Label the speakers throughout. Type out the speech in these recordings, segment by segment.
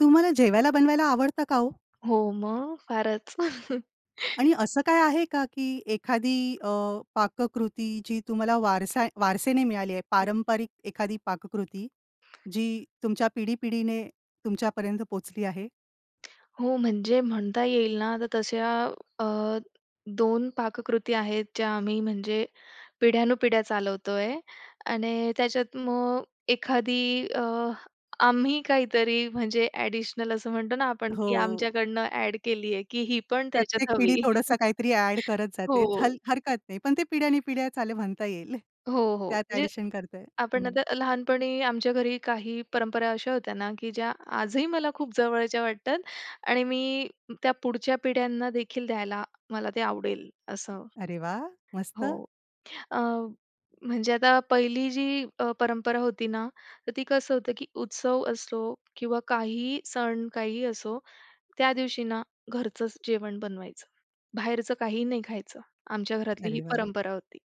Speaker 1: तुम्हाला जेवायला बनवायला आवडतं का हो?
Speaker 2: हो मग? फारच.
Speaker 1: आणि असं काय आहे का, की एखादी अ, पाककृती जी तुम्हाला वारसा वारसेने मिळाली आहे,
Speaker 2: हं.
Speaker 1: पारंपरिक एखादी पाककृती जी तुमच्या पिढी-पिढीने तुमच्यापर्यंत पोहोचली आहे?
Speaker 2: हो, म्हणजे म्हणता येईल ना, तर तशा अ, 2 पाककृती आहेत, ज्या आम्ही म्हणजे पिढ्यानुपिढ्या चालवतो आहे आणि त्याच्यात मग अ, एखादी अ, आम्ही काहीतरी म्हणजे एडिशनल असं म्हणतो ना आपण, की
Speaker 1: हो.
Speaker 2: आमच्याकडनं ॲड केली आहे की ही पण
Speaker 1: प्रत्येक
Speaker 2: त्याच्यात
Speaker 1: पिढी
Speaker 2: हवी,
Speaker 1: थोडंसं काहीतरी ॲड करत जाते. हल
Speaker 2: हो.
Speaker 1: हरकत नाही. पण ते पिढ्या आणि पिढ्या चाले म्हणता येईल.
Speaker 2: हो, हो.
Speaker 1: त्यात
Speaker 2: म्हणजे
Speaker 1: ॲडिशन करता येईल.
Speaker 2: आपण
Speaker 1: हं.
Speaker 2: आता लहानपणी आमच्या घरी काही परंपरा अशा होत्या ना, की ज्या आजही मला खूप जवळच्या वाटतात आणि मी त्या पुढच्या पिढ्यांना देखील द्यायला मला ते आवडेल, असं
Speaker 1: अरे वाह! मस्त.
Speaker 2: हो अ, म्हणजे आता पहिली जी अ, परंपरा होती ना तर ती कसं होतं की उत्सव असो किंवा काही सण काहीही असो, त्या दिवशी ना, घरचंच जेवण बनवायचं. बाहेरचं काही नाही खायचं. आमच्या घरातली ही
Speaker 1: अरे वाह!
Speaker 2: परंपरा होती,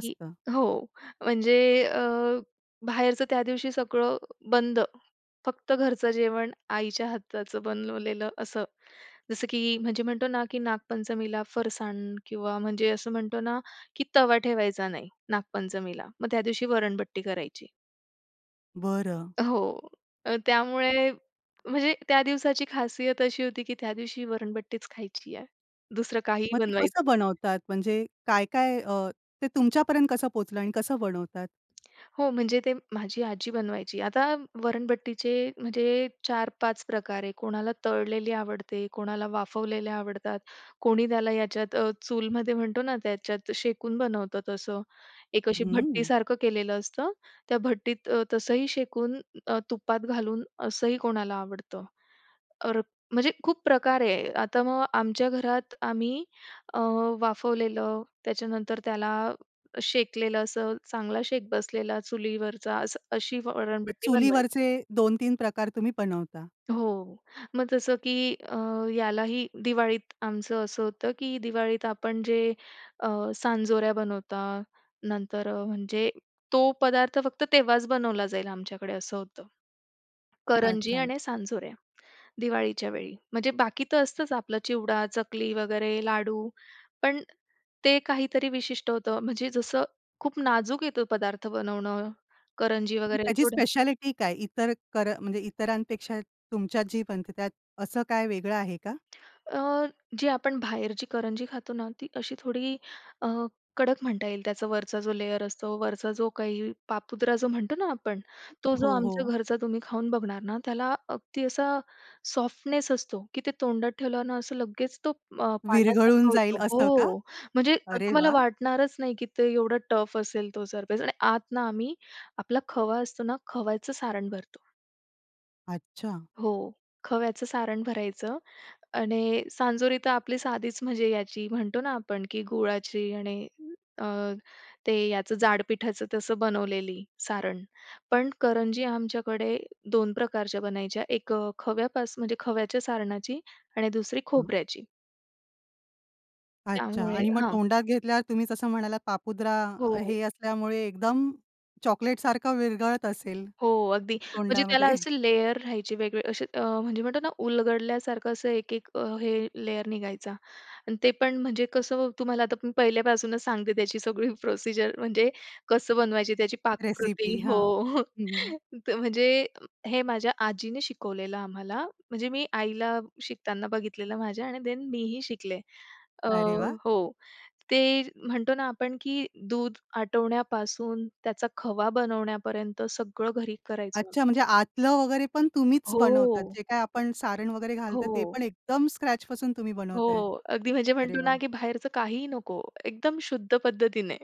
Speaker 2: की हो, म्हणजे अ, बाहेरचं त्यादिवशी सगळं बंद. फक्त घरचं जेवण, आईच्या हाताचं बनवलेलं असं. जसं की म्हणजे म्हणतो ना, की नागपंचमीला फरसाण किंवा म्हणजे असं म्हणतो ना, की तवा ठेवायचा नाही नागपंचमीला मग त्यादिवशी वरणबट्टी करायची.
Speaker 1: बरं.
Speaker 2: हो, तर त्यामुळे म्हणजे त्या दिवसाची खासियत अशी होती की त्या दिवशी वरणभट्टीच खायची आहे. दुसरं काहीही
Speaker 1: मग ते कसं
Speaker 2: बनवायचं
Speaker 1: बनवतात? म्हणजे काय-काय अ, ते तुमच्यापर्यंत कसं पोहचलं आणि कसं बनवतात?
Speaker 2: हो, म्हणजे ते माझी आजी बनवायची. आता वरणभट्टीचे म्हणजे 4-5 प्रकार आहे. कोणाला तळलेली आवडते, कोणाला वाफवलेल्या आवडतात, कोणी त्याला याच्यात अ, चूलमध्ये म्हणतो ना, त्याच्यात शेकून बनवतं तसं. एक अशी
Speaker 1: हम्म.
Speaker 2: भट्टीसारखं केलेलं असतं, त्या भट्टीत तसंही शेकून अ, तुपात घालून असंही कोणाला आवडतं. तर म्हणजे खूप प्रकार आहे. आता मग आमच्या घरात आम्ही अ, वाफवलेलं, त्याच्यानंतर त्याला शेकलेलं, असं चांगला शेक बसलेला चुलीवरचा असं, अशी
Speaker 1: ते
Speaker 2: वरणभट्टी बनवायचो.
Speaker 1: चुलीवरचे 2-3 प्रकार तुम्ही बनवता?
Speaker 2: हो, मग जसं की अ, यालाही दिवाळीत आमचं असं होतं की दिवाळीत आपण जे अ, सांजोऱ्या बनवता, नंतर अ, म्हणजे तो पदार्थ फक्त तेव्हाच बनवला जाईल आमच्याकडे असं होतं. करंजी
Speaker 1: अच्छा.
Speaker 2: आणि सांजोऱ्या दिवाळीच्या वेळी म्हणजे बाकी तर असतंच आपलं चिवडा, चकली वगैरे लाडू. पण ते काहीतरी विशिष्ट होतं. म्हणजे जसं खूप नाजूक आहे तो पदार्थ बनवणं, करंजी
Speaker 1: म्हणजे
Speaker 2: वगैरे
Speaker 1: त्याची
Speaker 2: थोडं.
Speaker 1: स्पेशालिटी काय? इतर कर म्हणजे इतरांपेक्षा तुमच्यात जी बनते त्यात असं काय वेगळं आहे का?
Speaker 2: अ, जी आपण बाहेरची करंजी खातो ना, ती अशी थोडी अ, कडक म्हणता येईल. त्याचा वरचा जो लेयर असतो वरचा जो काही पापुद्रा जो म्हणतो ना आपण, तो जो
Speaker 1: हो,
Speaker 2: आमच्या
Speaker 1: हो.
Speaker 2: घरचा तुम्ही खाऊन बघणार ना, त्याला अगदी असा सॉफ्टनेस असतो की ते तोंडात ठेवलं ना, असं लगेच तो अ,
Speaker 1: विरघळून
Speaker 2: पाण्यासारखं
Speaker 1: जाईल
Speaker 2: होतो.
Speaker 1: असं का?
Speaker 2: हो. म्हणजे असं
Speaker 1: अरे
Speaker 2: तुम्हाला
Speaker 1: वाह!
Speaker 2: वाटणारच नाही की ते एवढं टफ असेल तो सरफेस आणि आत ना आम्ही, आपला खवा असतो ना, खव्याचं सारण भरतो.
Speaker 1: अच्छा.
Speaker 2: हो. खव्याचं सारण भरायचं आणि सांजोरी तर आपली साधीच म्हणजे याची म्हणतो ना, आपण की गुळाची आणि अ, ते याचं जाड पिठाचं तसं बनवलेली सारण. पण करंजी आमच्याकडे दोन प्रकारच्या बनायच्या, एक अ, खव्यापास म्हणजे खव्याच्या सारणाची आणि दुसरी
Speaker 1: हं.
Speaker 2: खोबऱ्याची.
Speaker 1: अच्छा.
Speaker 2: त्यामुळे
Speaker 1: आणि मग
Speaker 2: हां.
Speaker 1: तोंडात घेतल्यावर तुम्ही जसं म्हणालात पापुद्रा
Speaker 2: हो,
Speaker 1: अ,
Speaker 2: हो.
Speaker 1: हे असल्यामुळे, एकदम चॉकलेट सारखं विरघळत असेल,
Speaker 2: हो अगदी. म्हणजे त्याला
Speaker 1: तोंडामध्ये?
Speaker 2: असे लेयर राहायचे वेगळे असे अ, म्हणजे म्हणतो ना उलगडल्यासारखं असं एक, एक हे लेयर निघायचा आणि ते पण म्हणजे कसं, तुम्हाला आता मी पहिल्यापासूनच सांगते, त्याची सगळी प्रोसिजर. म्हणजे कसं बनवायची त्याची पाककृती
Speaker 1: रेसिपी
Speaker 2: हो.
Speaker 1: हां हं, हं.
Speaker 2: त म्हणजे हे माझ्या आजीने शिकवलेलं आम्हाला, म्हणजे मी आईला शिकताना बघितलेलं माझ्या आणि देन मीही शिकले. अ,
Speaker 1: अरे वाह!
Speaker 2: हो. ते म्हणतो ना आपण की दूध आटवण्यापासून त्याचा खवा बनवण्यापर्यंत सगळं घरी करायचं.
Speaker 1: अच्छा, म्हणजे आतलं वगैरे पण तुम्हीच बनवतात.
Speaker 2: हो.
Speaker 1: जे काही आपण सारण वगैरे घालताय, ते
Speaker 2: हो.
Speaker 1: पण एकदम स्क्रॅचपासून तुम्ही बनवताय?
Speaker 2: हो. अगदी म्हणजे
Speaker 1: अरे
Speaker 2: म्हणतो ना
Speaker 1: वाह!
Speaker 2: की बाहेरचं काहीही नको, एकदम शुद्ध पद्धतीने.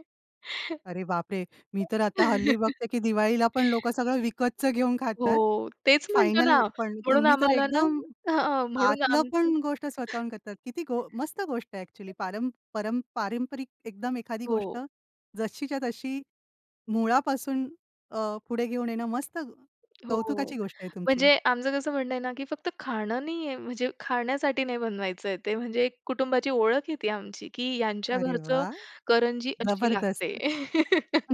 Speaker 1: अरे बापरे! मी तर आता, हल्ली बघते की दिवाळीला पण लोकं सगळं विकतचं घेऊन खातात,
Speaker 2: हो. तेच म्हणतो ना
Speaker 1: फायनल पण.
Speaker 2: म्हणून
Speaker 1: तुम्ही तर
Speaker 2: आम्हाला ना
Speaker 1: एकदम
Speaker 2: हां हां. म्हणून
Speaker 1: आतलं
Speaker 2: आमचं
Speaker 1: पण गोष्ट स्वतःहून करतात, किती गो मस्त गोष्ट आहे अ‍ॅक्चुअली.
Speaker 2: [unintelligible]
Speaker 1: पारम पर पारंपरिक एकदम एखादी गोष्ट
Speaker 2: हो.
Speaker 1: जशीच्या तशी मुळापासून अ, पुढे घेऊन येणं. मस्त,
Speaker 2: हो.
Speaker 1: कौतुकाची गोष्ट आहे तुमची.
Speaker 2: म्हणजे आमचं कसं म्हणणं आहे ना, की फक्त खाणं नाही आहे, म्हणजे खाण्यासाठी नाही बनवायचं आहे. ते म्हणजे कुटुंबाची ओळख आहे ती आमची, की यांच्या
Speaker 1: अरे
Speaker 2: घरचं
Speaker 1: वाह!
Speaker 2: करंजी अशी
Speaker 1: जबरदस्त.
Speaker 2: लागते.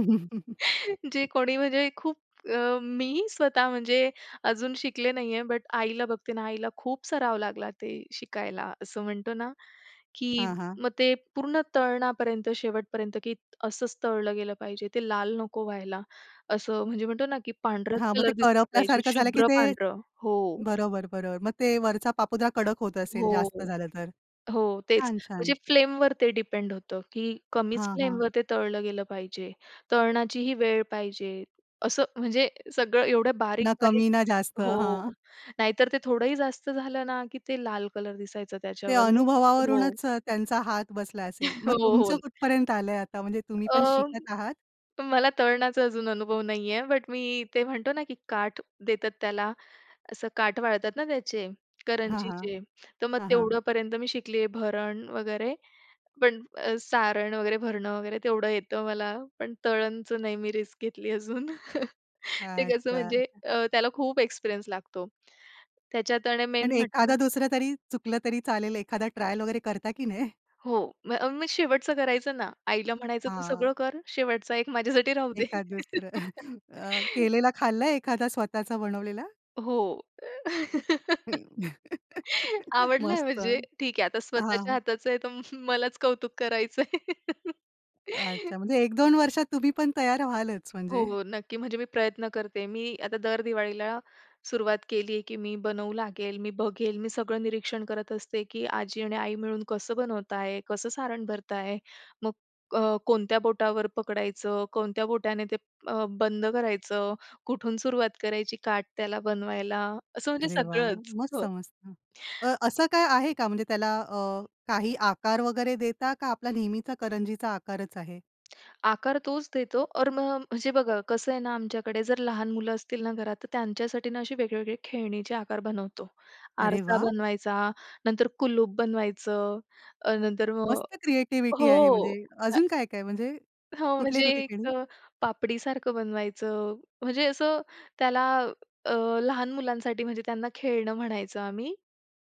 Speaker 2: जे कोणी म्हणजे खूप अ, मी स्वतः म्हणजे अजून शिकले नाही आहे, बट आईला बघते ना, आईला खूप सराव लागला ते शिकायला. असं म्हणतो ना, की
Speaker 1: हां, हां.
Speaker 2: मग ते पूर्ण तळणापर्यंत शेवटपर्यंत की असंच तळलं गेलं पाहिजे, ते लाल नको व्हायला, असं म्हणजे म्हणतो ना, की पांढराच
Speaker 1: हां. मग
Speaker 2: कलर
Speaker 1: ते
Speaker 2: दिसला पाहिजे,
Speaker 1: करपल्यासारखं झालं की
Speaker 2: शुभ्र
Speaker 1: ते
Speaker 2: पांढरं हो.
Speaker 1: बरोबर, बरोबर. मग ते वरचा पापुद्रा कडक होत असेल, जास्त
Speaker 2: हो.
Speaker 1: झालं तर.
Speaker 2: हो तेच.
Speaker 1: छान! छान!
Speaker 2: म्हणजे फ्लेमवर ते डिपेंड होतं, की कमीच
Speaker 1: हां, हां.
Speaker 2: फ्लेमवर ते तळलं गेलं पाहिजे. तळण्याचीही वेळ पाहिजे. असं म्हणजे सगळं एवढं बारीक,
Speaker 1: ना
Speaker 2: बारीक
Speaker 1: कमी ना जास्त.
Speaker 2: हो.
Speaker 1: हां.
Speaker 2: नाहीतर ते थोडंही जास्त झालं ना, की ते लाल कलर दिसायचं
Speaker 1: ते
Speaker 2: त्याच्यावर मग हो.
Speaker 1: अनुभवावरूनच त्यांचा हात बसला असेल. मग
Speaker 2: हो, हो.
Speaker 1: तुमचं कुठपर्यंत आलंय आता? म्हणजे तुम्ही पण
Speaker 2: अ,
Speaker 1: शिकत आहात?
Speaker 2: मला तळणाचा अजून अनुभव नाही आहे, बट मी ते म्हणतो ना, की काठ देतात त्याला. असं काठ वाळतात ना त्याचे,
Speaker 1: हां, हां,
Speaker 2: करंजीचे तर मग
Speaker 1: हां, हां.
Speaker 2: तेवढंपर्यंत मी शिकली आहे. भरण वगैरे, पण सारण वगैरे भरणं वगैरे तेवढं येतं मला, पण तळणचं नाही मी रिस्क घेतली अजून. ते कसं
Speaker 1: अच्छा,
Speaker 2: म्हणजे
Speaker 1: अच्छा.
Speaker 2: अ, त्याला खूप एक्सपिरियन्स लागतो त्याच्यात. आणि
Speaker 1: पण
Speaker 2: मेन म्हणजे
Speaker 1: एखादा दुसरा तरी चुकलं तरी चालेल, एखादा ट्रायल वगैरे करता की नाय?
Speaker 2: हो, मग मी शेवटचं करायचं ना, आईला म्हणायचं तू सगळं
Speaker 1: हां.
Speaker 2: कर, शेवटचा एक माझ्यासाठी राहू दे.
Speaker 1: एखादं दुसरं अ, केलेला खाल्लंय एखादा स्वतःचा बनवलेला?
Speaker 2: हो आवडलंय
Speaker 1: मस्त!
Speaker 2: म्हणजे
Speaker 1: हां,
Speaker 2: ठीक आहे. आता स्वतःच्या
Speaker 1: हां.
Speaker 2: हाताचं आहे तर मलाच कौतुक करायचंय.
Speaker 1: अच्छा! म्हणजे 1-2 वर्षात तुम्ही पण तयार व्हालच
Speaker 2: हो,
Speaker 1: म्हणजे?
Speaker 2: हो नक्की. म्हणजे मी प्रयत्न करते मी आता दर दिवाळीला सुरुवात केली, की मी बनवू लागेल, मी बघेल मी सगळं निरीक्षण करत असते, की आजी आणि आई मिळून कसं बनवत आहे, कसं सारण भरत आहे. मग अ, कोणत्या बोटावर पकडायचं, कोणत्या बोटाने ते बंद अ, करायचं, कुठून सुरुवात करायची काठ त्याला बनवायला असं म्हणजे
Speaker 1: अरे वाह!
Speaker 2: सगळंच.
Speaker 1: मग
Speaker 2: हो.
Speaker 1: समजतं अ, असं काय आहे का, म्हणजे त्याला अ, काही आकार वगैरे देता? का आपला नेहमीचा करंजीचा आकारच आहे?
Speaker 2: आकार तोच देतो और मग म्हणजे बघा कसं आहे ना आमच्याकडे जर लहान मुलं असतील ना, घरात तर त्यांच्यासाठी ना, असे वेगळे-वेगळे खेळणीचे आकार बनवतो.
Speaker 1: अरे
Speaker 2: आरसा
Speaker 1: वाह!
Speaker 2: बनवायचा, नंतर कुलूप बनवायचं, अ, नंतर मग
Speaker 1: मस्त क्रीएटिविटी आहे.
Speaker 2: हो.
Speaker 1: म्हणजे अजून काय, काय. म्हणजे
Speaker 2: हो. म्हणजे
Speaker 1: कुठले-कुठले
Speaker 2: एक
Speaker 1: खेळू?
Speaker 2: पापडीसारखं बनवायचं, म्हणजे असं त्याला अ, लहान मुलांसाठी, म्हणजे त्यांना खेळणं म्हणायचं आम्ही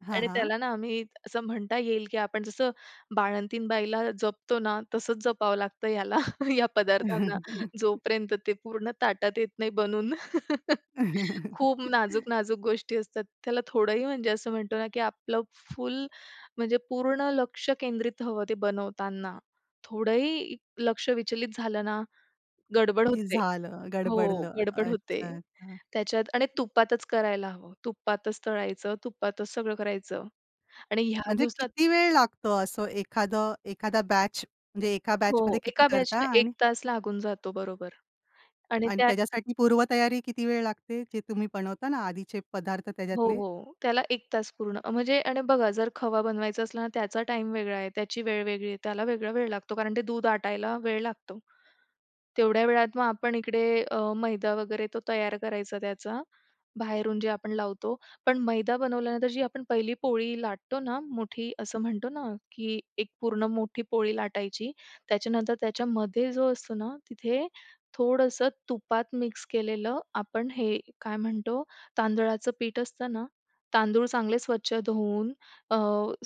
Speaker 1: हां,
Speaker 2: आणि
Speaker 1: हां.
Speaker 2: त्याला ना आम्ही, असं म्हणता येईल की आपण जसं बाळंतीण बाईला जपतो ना, तसंच जपावं लागतं ह्याला, ह्या पदार्थांना जोपर्यंत ते पूर्ण ताटात येत नाही बनून. खूप नाजूक नाजूक गोष्टी असतात, त्याला थोडंही म्हणजे असं म्हणतो ना की आपलं फुल म्हणजे पूर्ण लक्ष केंद्रित हवं ते बनवताना. थोडंही लक्ष विचलित झालं ना, गडबड
Speaker 1: की
Speaker 2: होते.
Speaker 1: झालं
Speaker 2: हो.
Speaker 1: गडबडलं
Speaker 2: गडबड होते
Speaker 1: अच्छा, अच्छा.
Speaker 2: त्याच्यात. आणि तुपातच करायला हवं, तुपातच तळायचं, तुपातच सगळं करायचं. आणि ह्या
Speaker 1: म्हणजे
Speaker 2: दिवसात
Speaker 1: किती वेळ लागतो, असं एखादा एखादा बॅच म्हणजे एका
Speaker 2: हो, हो.
Speaker 1: बॅचमध्ये किती
Speaker 2: एका
Speaker 1: करता?
Speaker 2: बॅचला 1
Speaker 1: आणि
Speaker 2: तास लागून जातो बरोबर. आणि
Speaker 1: आणि
Speaker 2: त्या
Speaker 1: त्याच्यासाठी पूर्वतयारी किती वेळ लागते? जे तुम्ही बनवता ना आधीचे पदार्थ
Speaker 2: हो,
Speaker 1: त्याच्यातले?
Speaker 2: हो. त्याला 1 तास पूर्ण. म्हणजे आणि बघा जर खवा बनवायचं असलं ना त्याचा टाईम वेगळा आहे, त्याची वेळ वेगळी आहे, त्याला वेगळा वेळ लागतो, कारण ते दूध आटायला वेळ लागतो. तेवढ्या वेळात मग आपण इकडे अ, मैदा वगैरे तो तयार करायचा त्याचा, बाहेरून जे आपण लावतो, पण मैदा बनवल्यानंतर जी आपण पहिली पोळी लाटतो ना, मोठी असं म्हणतो ना की एक पूर्ण मोठी पोळी लाटायची, त्याच्यानंतर त्याच्यामध्ये जो असतो ना, तिथे थोडंसं तुपात मिक्स केलेलं आपण हे काय म्हणतो तांदुळाचं पीठ असतं ना, तांदूळ चांगले स्वच्छ धुवून अ,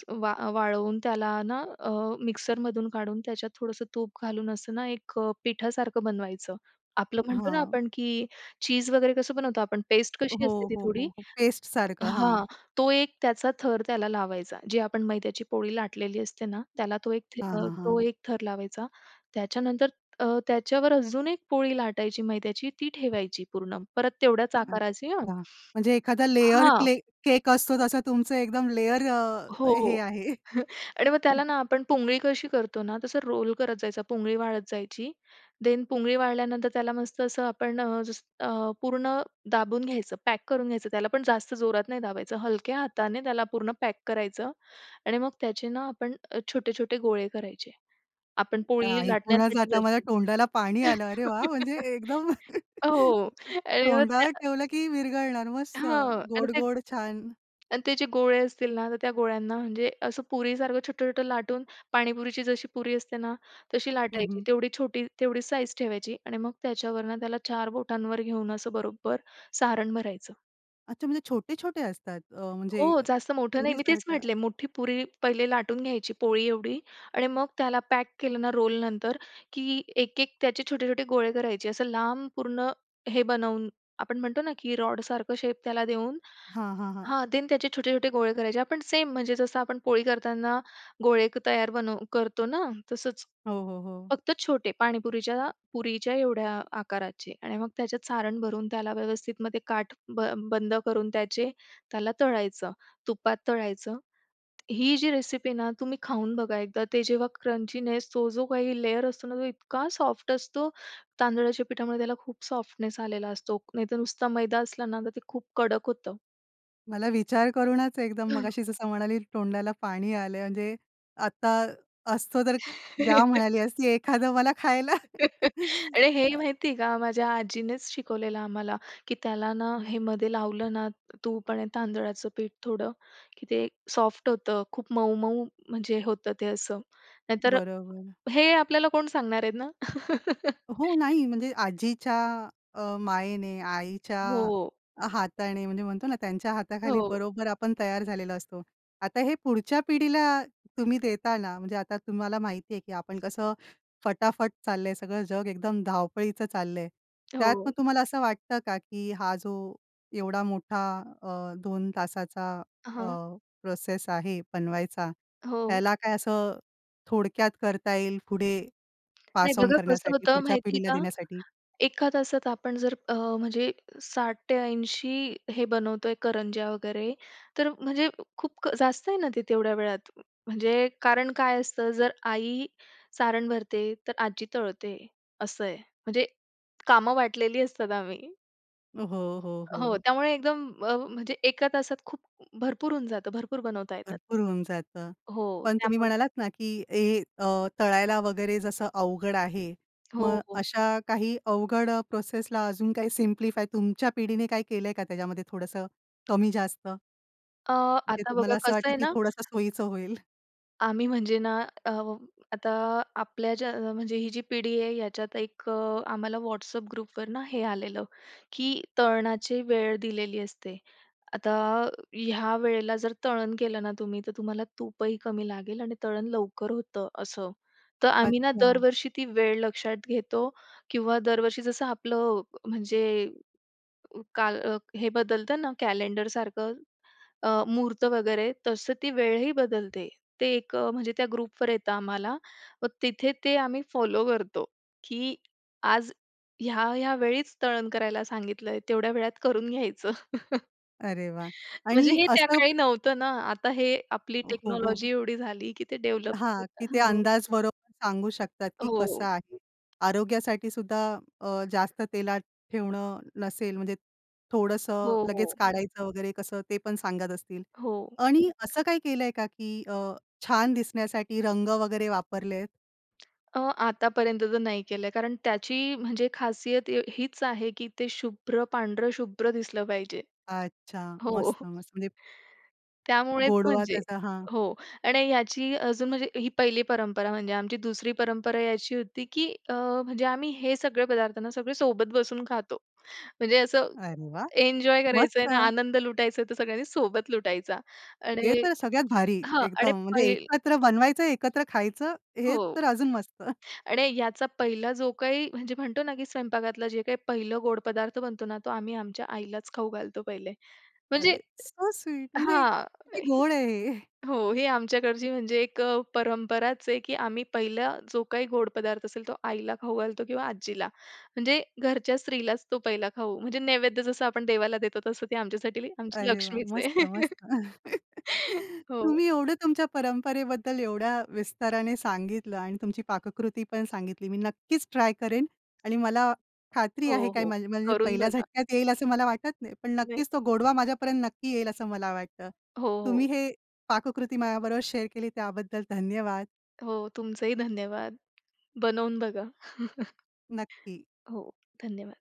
Speaker 2: वा वाळवून त्याला ना अ, मिक्सरमधून काढून त्याच्यात थोडंसं तूप घालून असं ना एक अ, पिठासारखं बनवायचं. आपलं म्हणतो ना
Speaker 1: हां.
Speaker 2: आपण, की चीझ वगैरे कसं बनवतो आपण पेस्ट
Speaker 1: हो,
Speaker 2: कशी असते ती
Speaker 1: हो,
Speaker 2: थोडी
Speaker 1: हो, हो, पेस्ट सारखं
Speaker 2: हां.
Speaker 1: हां.
Speaker 2: तो एक त्याचा थर त्याला लावायचा, जी आपण मैद्याची पोळी लाटलेली असते ना, त्याला तो एक
Speaker 1: हां, हां,
Speaker 2: तो
Speaker 1: हां.
Speaker 2: एक अ, थर लावायचा. त्याच्यानंतर अ, त्याच्यावर अजून एक पोळी लाटायची मैद्याची, ती ठेवायची पूर्ण परत तेवढ्याच आकाराची हां
Speaker 1: अच्छा. म्हणजे एखादा लेयर
Speaker 2: हां.
Speaker 1: क्ले केक असतो जसं तुमचं एकदम लेयर
Speaker 2: हो, हो.
Speaker 1: हे आहे.
Speaker 2: आणि मग त्याला
Speaker 1: [unintelligible]
Speaker 2: ना आपण पुंगळी कशी करतो ना, तसं रोल करत जायचा, पुंगळी वाळत जायची. देन पुंगळी वाळल्यानंतर, त्याला मस्त असं आपण अ, जसं पूर्ण दाबून घ्यायचं, पॅक करून घ्यायचं, त्याला पण जास्त जोरात नाही दाबायचं, हलक्या हाताने त्याला पूर्ण पॅक करायचं. आणि मग त्याचे ना आपण छोटे-छोटे गोळे करायचे. आपण
Speaker 1: अ,
Speaker 2: पोळी
Speaker 1: ऐकूनच
Speaker 2: लाटण्यासाठी
Speaker 1: आता मला
Speaker 2: जसे.
Speaker 1: तोंडाला पाणी आलं. अरे वाह! म्हणजे एकदम
Speaker 2: हो आणि मग
Speaker 1: तोंडावर
Speaker 2: त्या
Speaker 1: ठेवलं की विरघळणार. मस्त.
Speaker 2: हां आणि ते
Speaker 1: गोड-गोड छान.
Speaker 2: आणि त्याचे गोळे असतील ना, तर त्या गोळ्यांना म्हणजे असं पुरीसारखं छोटं-छोटं लाटून पाणीपुरीची जशी पुरी असते ना तशी
Speaker 1: हं,
Speaker 2: लाटायची.
Speaker 1: हं.
Speaker 2: तेवढी छोटी, तेवढी साइज ठेवायची आणि मग त्याच्यावरनं त्याला चार बोटांवर घेऊन असं बरोबर सारण भरायचं.
Speaker 1: अच्छा म्हणजे छोटे-छोटे असतात? अ, म्हणजे
Speaker 2: हो, जास्त मोठं नाही, मी तेच
Speaker 1: पुरीसारखं.
Speaker 2: म्हटले मोठी पुरी पहिले लाटून घ्यायची पोळी एवढी. आणि मग त्याला पॅक केलं ना रोल नंतर, की एक-एक त्याचे छोटे-छोटे गोळे करायचे, असं लांब पूर्ण हे बनवून आपण म्हणतो ना की रॉड सारखं शेप त्याला देऊन.
Speaker 1: हां, हां, हां.
Speaker 2: हां देन त्याचे छोटे-छोटे गोळे करायचे. आपण सेम म्हणजे जसं आपण पोळी करताना, गोळे तयार बनव करतो ना तसंच.
Speaker 1: हो, हो, हो.
Speaker 2: फक्त छोटे पाणीपुरीच्या पुरीच्या एवढ्या आकाराचे आणि मग त्याच्यात सारण भरून, त्याला व्यवस्थित मग काठ ब बंद करून त्याचे त्याला तळायचं, तुपात तळायचं. ही जी रेसिपी आहे ना तुम्ही खाऊन बघा एकदा, ते जेव्हा क्रंचीनेस तो जो काही लेयर असतो ना, तो इतका सॉफ्ट असतो तांदळाच्या पिठामुळे, त्याला खूप सॉफ्टनेस आलेला असतो. नाहीतर नुसता मैदा असला ना तर ते खूप कडक होतं.
Speaker 1: मला विचार करूनच एकदम,
Speaker 2: हं.
Speaker 1: मगाशी जसं म्हणाली तोंडाला पाणी आलं म्हणजे. आत्ता असतं तर द्या म्हणाली असती एखादं मला खायला.
Speaker 2: अरे हे
Speaker 1: हां.
Speaker 2: माहिती आहे का, माझ्या आजीनेच शिकवलेलं आम्हाला. की त्याला ना, हे मध्ये लावलं ना, तूप आणि तांदळाचं पीठ थोडं, की ते सॉफ्ट होतं खूप मऊ-मऊ म्हणजे होतं ते असं. नाहीतर
Speaker 1: बरोबर.
Speaker 2: हे आपल्याला कोण सांगणार आहेत ना?
Speaker 1: हो नाही म्हणजे आजीच्या अ, मायेनी, आईच्या
Speaker 2: हो.
Speaker 1: हातानी, म्हणजे म्हणतो ना त्यांच्या हाताखाली
Speaker 2: हो.
Speaker 1: बरोबर आपण तयार झालेलो असतो. आता हे पुढच्या पिढीला तुम्ही देताना, म्हणजे आता तुम्हाला माहिती आहे, की आपण कसं फटाफट चाललंय, सगळं जग एकदम धावपळीचं चाललंय. त्यात मग
Speaker 2: हो.
Speaker 1: तुम्हाला असं वाटतं का, की हा जो एवढा मोठा अ, 2 तासाचा अ,
Speaker 2: हां.
Speaker 1: प्रोसेस आहे बनवायचा,
Speaker 2: हो.
Speaker 1: याला काय असं थोडक्यात करता येईल पुढे,
Speaker 2: नाही
Speaker 1: पास ऑन
Speaker 2: बघा कसं
Speaker 1: करण्यासाठी,
Speaker 2: होतं
Speaker 1: पुढच्या
Speaker 2: माहिती आहे
Speaker 1: पिढीला
Speaker 2: का.
Speaker 1: देण्यासाठी?
Speaker 2: एका तासात आपण जर अ, म्हणजे 60 ते 80 हे बनवतोय करंज्या वगैरे, तर म्हणजे खूप जास्त आहे ना ते तेवढ्या वेळात. म्हणजे कारण काय असतं जर आई सारण भरते, तर आजी तळतंय असं आहे. म्हणजे कामं वाटलेली असतात आम्ही.
Speaker 1: हो, हो,
Speaker 2: हो,
Speaker 1: हो.
Speaker 2: त्यामुळे एकदम अ, म्हणजे एका तासात खूप भरपूर होऊन जातं. भरपूर बनवता येतात.
Speaker 1: भरपूर होऊन जातं.
Speaker 2: हो,
Speaker 1: पण तुम्ही
Speaker 2: त्यामुळे
Speaker 1: म्हणालात ना, की हे अ, तळायला वगैरे जसं अवघड आहे,
Speaker 2: हो,
Speaker 1: मग
Speaker 2: हो.
Speaker 1: अशा काही अवघड प्रोसेसला अजून काही सिम्प्लिफाय तुमच्या पिढीने काही केलंय का त्याच्यामध्ये थोडंसं कमी-जास्त?
Speaker 2: अ,
Speaker 1: म्हणजे
Speaker 2: आता बघा
Speaker 1: तुम्हाला असं
Speaker 2: कसं
Speaker 1: वाटतं,
Speaker 2: आहे
Speaker 1: की
Speaker 2: ना
Speaker 1: थोडंसं सोयीचं होईल?
Speaker 2: आम्ही म्हणजे ना, अ, आता आपल्या ज्या म्हणजे ही जी पिढी आहे याच्यात एक अ, आम्हाला WhatsApp ग्रुपवर ना हे आलेलं, की तळणाची वेळ दिलेली असते. आता अ, ह्या वेळेला जर तळण केलं ना तुम्ही, तर तुम्हाला तूपही कमी लागेल आणि तळण लवकर होतं असं. तर आम्ही ना
Speaker 1: अच्छा.
Speaker 2: दरवर्षी ती वेळ लक्षात घेतो किंवा दरवर्षी जसं आपलं अ, म्हणजे काल हे बदलतं ना कॅलेंडरसारखं, अ, मुहूर्त वगैरे तसं ती वेळही बदलते. ते एक म्हणजे त्या ग्रुपवर येतं आम्हाला. मग तिथे ते आम्ही फॉलो करतो, की आज ह्या ह्या वेळीच तळण करायला सांगितलं आहे, तेवढ्या वेळात करून घ्यायचं.
Speaker 1: अरे वाह!
Speaker 2: म्हणजे
Speaker 1: आणि
Speaker 2: हे त्या
Speaker 1: असं
Speaker 2: काळी नव्हतं ना. आता हे आपली
Speaker 1: हो, हो,
Speaker 2: टेक्नॉलॉजी
Speaker 1: हो.
Speaker 2: एवढी झाली की ते डेव्हलप
Speaker 1: हां, की
Speaker 2: [unintelligible]
Speaker 1: ते
Speaker 2: हो.
Speaker 1: अंदाज बरोबर सांगू शकतात, की कसं
Speaker 2: हो.
Speaker 1: आहे. आरोग्यासाठीसुद्धा अ, जास्त तेलात ठेवणं नसेल म्हणजे
Speaker 2: हो,
Speaker 1: थोडंसं लगेच
Speaker 2: हो.
Speaker 1: काढायचं वगैरे कसं, ते पण सांगत असतील.
Speaker 2: हो.
Speaker 1: आणि असं काही केलंय का, की अ, छान दिसण्यासाठी रंग वगैरे वापरलेत?
Speaker 2: अ, आतापर्यंत तर नाही केलंय, कारण त्याची म्हणजे खासियत य हीच आहे की ते शुभ्र पांढरं शुभ्र दिसलं पाहिजे.
Speaker 1: अच्छा.
Speaker 2: हो.
Speaker 1: मस्त, मस्त! म्हणजे
Speaker 2: त्यामुळेच
Speaker 1: गोडवा
Speaker 2: म्हणजे
Speaker 1: त्याचा हां.
Speaker 2: हो, आणि याची अजून म्हणजे ही पहिली परंपरा म्हणजे आमची दुसरी परंपरा ही अशी होती, की अ, म्हणजे आम्ही हे सगळे पदार्थ ना सगळे सोबत बसून खातो. म्हणजे असं
Speaker 1: अरे वाह!
Speaker 2: एन्जॉय करायचं आहे ना,
Speaker 1: मस्त.
Speaker 2: आनंद लुटायचं तर सगळ्यांनी सोबत लुटायचा
Speaker 1: हे
Speaker 2: आणि
Speaker 1: तर सगळ्यात भारी
Speaker 2: हां, आणि
Speaker 1: एकदम. म्हणजे
Speaker 2: पहील
Speaker 1: एकत्र बनवायचं, एकत्र खायचं हे
Speaker 2: हो.
Speaker 1: तर अजून मस्त.
Speaker 2: आणि याचा पहिला जो काही म्हणजे म्हणतो ना, की स्वयंपाकघरातला जे काही पहिलं गोड पदार्थ बनतो ना, तो आम्ही आमच्या आईलाच खाऊ घालतो पहिले. म्हणजे
Speaker 1: अरे, सो स्वीट. म्हणजे
Speaker 2: हां,
Speaker 1: किती
Speaker 2: ही
Speaker 1: गोड आहे हे.
Speaker 2: हो, ही आमच्याकडची म्हणजे एक अ, परंपराच आहे, की आम्ही पहिला जो काही गोड पदार्थ असेल, तो आईला खाऊ घालतो किंवा आजीला, म्हणजे घरच्या स्त्रीलाच तो पहिला खाऊ, म्हणजे नैवेद्य जसं आपण देवाला देतो तसं ते आमच्यासाठी ती आमची
Speaker 1: अरे वाह!
Speaker 2: लक्ष्मीच
Speaker 1: मस्त,
Speaker 2: आहे.
Speaker 1: मस्त.
Speaker 2: हो.
Speaker 1: तुम्ही एवढं तुमच्या परंपरेबद्दल एवढ्या विस्ताराने सांगितलं आणि तुमची पाककृती पण सांगितली. मी नक्कीच ट्राय करेन आणि मला खात्री आहे,
Speaker 2: हो,
Speaker 1: काय
Speaker 2: हो.
Speaker 1: माझ माझी म्हणजे
Speaker 2: करून
Speaker 1: पहिल्या
Speaker 2: बघा.
Speaker 1: झटक्यात येईल असं मला वाटत नाही. पण
Speaker 2: नाही
Speaker 1: नक्कीच तो गोडवा माझ्यापर्यंत नक्की येईल असं मला वाटतं.
Speaker 2: हो, हो.
Speaker 1: तुम्ही ही पाककृती माझ्याबरोबर शेअर केली त्याबद्दल धन्यवाद.
Speaker 2: हो, तुमचंही धन्यवाद. बनवून बघा.
Speaker 1: नक्की.
Speaker 2: हो, धन्यवाद.